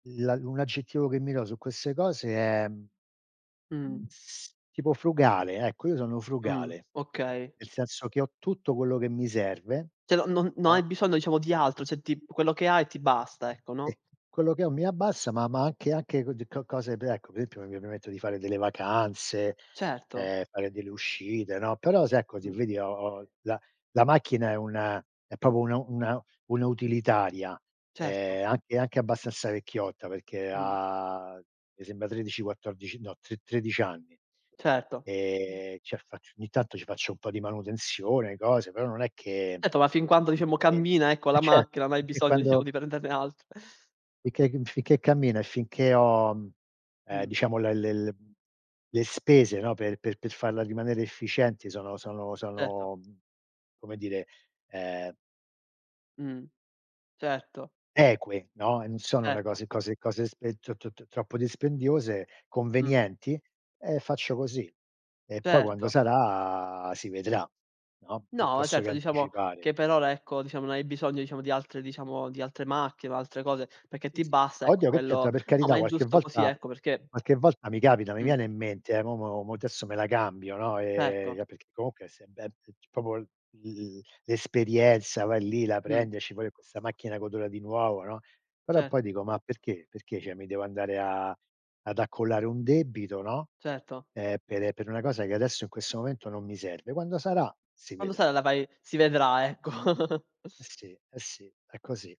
La un aggettivo che mi do su queste cose è, mhmm, Mh. s tipo frugale, ecco io sono Mh, frugale. okay. Nel senso che ho tutto quello che mi serve, Cioè no no no. hai bisogno diciamo di altro, cioè ti quello che hai ti basta ecco, no? E quello che ho mi a bassa, ma ma anche anche d co cose, beh ecco, per esempio, mi mi etto di fare delle vacanze, Certo. uhm, fare delle uscite, no. Però se ecco, se Mh. vedi, ho ho la la macchina è una è proprio una una una utilitaria, Certo. ehm, anche anche abbastanza vecchiotta, perché Mh. ha me sembra, 13, 14, no, tre tredic'anni. Certo. Mh. Ehm, cia facc ogni tanto ci faccio un po' di manutenzione, cose, però non è che ehm, Etto ma fin quando diciamo eh, cammina ecco la ce macchina, non hai anche bisogno diciamo quando di prenderne altr [unintelligible] finché cammina e finché ho mhmm, uhm, Mh. diciamo l l le spese, no, per per per farla rimanere efficienti sono sono Certo. sono, mhmm, come dire, ehm Mh, certo. eque, no, e n sono le Certo. cose cose cose e t t t troppo dispendiose, Mh. convenienti, e faccio così. E poi quando Certo. sarà, si vedrà, no, No, piuttosto che certo, diciamo anticipare. che per ora ecco diciamo, non hai bisogno diciamo, di altre diciamo di altre macchie o altre cose, perché ti basta ecco Oddio, che c'entra? quello Per no, ma carità è qualche giusto così volta ecco perché qualche volta mi capita mi Mh. viene in mente, eh: "Mo mo mo adesso me la cambio." No. E Certo. ia perché comunque è se beb t c proprio l l'esperienza, vai lì, la Mh. prendi, esci fuori con questa macchina che odora di nuovo, no. Però Cet poi dico: "Ma perché perché cioè mi devo andare a ad accollare un debito, no, Certo. ehm, per, ehm, per una cosa, che adesso in questo momento non mi serve." Quando sarà si Quando vedrà. sa la vai si vedrà, ecco. Eh, sì, eh, sì, è così.